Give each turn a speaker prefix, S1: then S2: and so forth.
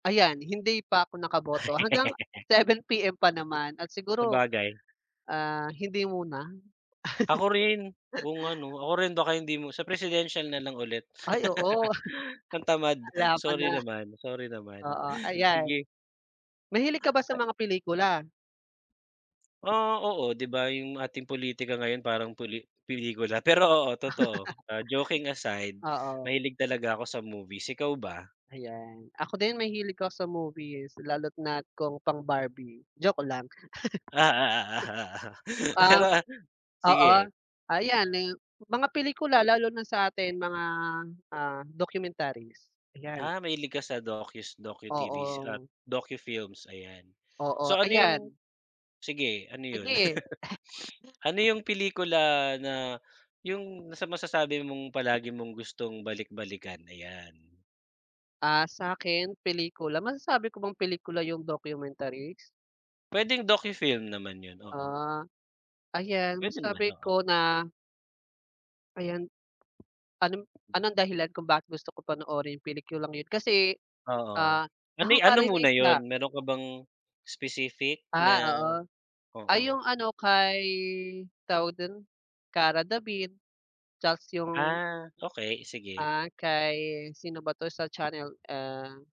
S1: Ayan, hindi pa ako nakaboto hanggang 7:00 PM pa naman, at siguro,
S2: Sabagay.
S1: ah, hindi muna.
S2: Ako rin, kung ano, ako rin baka hindi mo sa presidensial na lang ulit.
S1: Ay oo.
S2: Ang tamad,
S1: Laban
S2: sorry
S1: na.
S2: naman, sorry naman,
S1: Oo ayan.
S2: sige.
S1: Mahilig ka ba sa
S2: Ah
S1: mga pelikula?
S2: Ah, oo 'di ba yung ating politika ngayon parang puli pelikula pero oo totoo, ah, joking aside,
S1: Oo.
S2: mahilig talaga ako sa movies, ikaw ba?
S1: Ayan, ako din mahilig ako sa movies, lalo't na kung pang Barbie, joke lang.
S2: Ah, ah, ah, ah, ah.
S1: Ah,
S2: Pero a
S1: oo,
S2: sige.
S1: ayan, eh, mga pelikula lalo na sa atin mga, ah, documentaries, ayan.
S2: Ah, mahilig ka sa docus, docu TV's at
S1: Oo.
S2: docufilms, ayan.
S1: Oo,
S2: So, ano yung
S1: ayan.
S2: sige ano yun?
S1: Sige.
S2: Ano yung pelikula na yung nasa masasabi mong palagi mong gustong balik-balikan? Ayan.
S1: Ah, sa'kin pelikula, masasabi ko bang pelikula yung documentaries?
S2: Pwedeng docu film naman yun, oo.
S1: Ah, ayan
S2: Pwede naman,
S1: masasabi
S2: oo.
S1: ko na Ayan. Anong anong dahilan kung bakit gusto kong panoorin yung pelikulang yun? Kasi,
S2: Oo,
S1: ah,
S2: ano'y ano muna
S1: nakaka-relate na
S2: yun, meron ka bang specific
S1: Ah,
S2: na
S1: oo. Ay
S2: oo.
S1: yung ano kay, tawag dun, Kara David tas yung
S2: Ah, okey sige.
S1: Ah, kay sino ba to? Sa channel, ah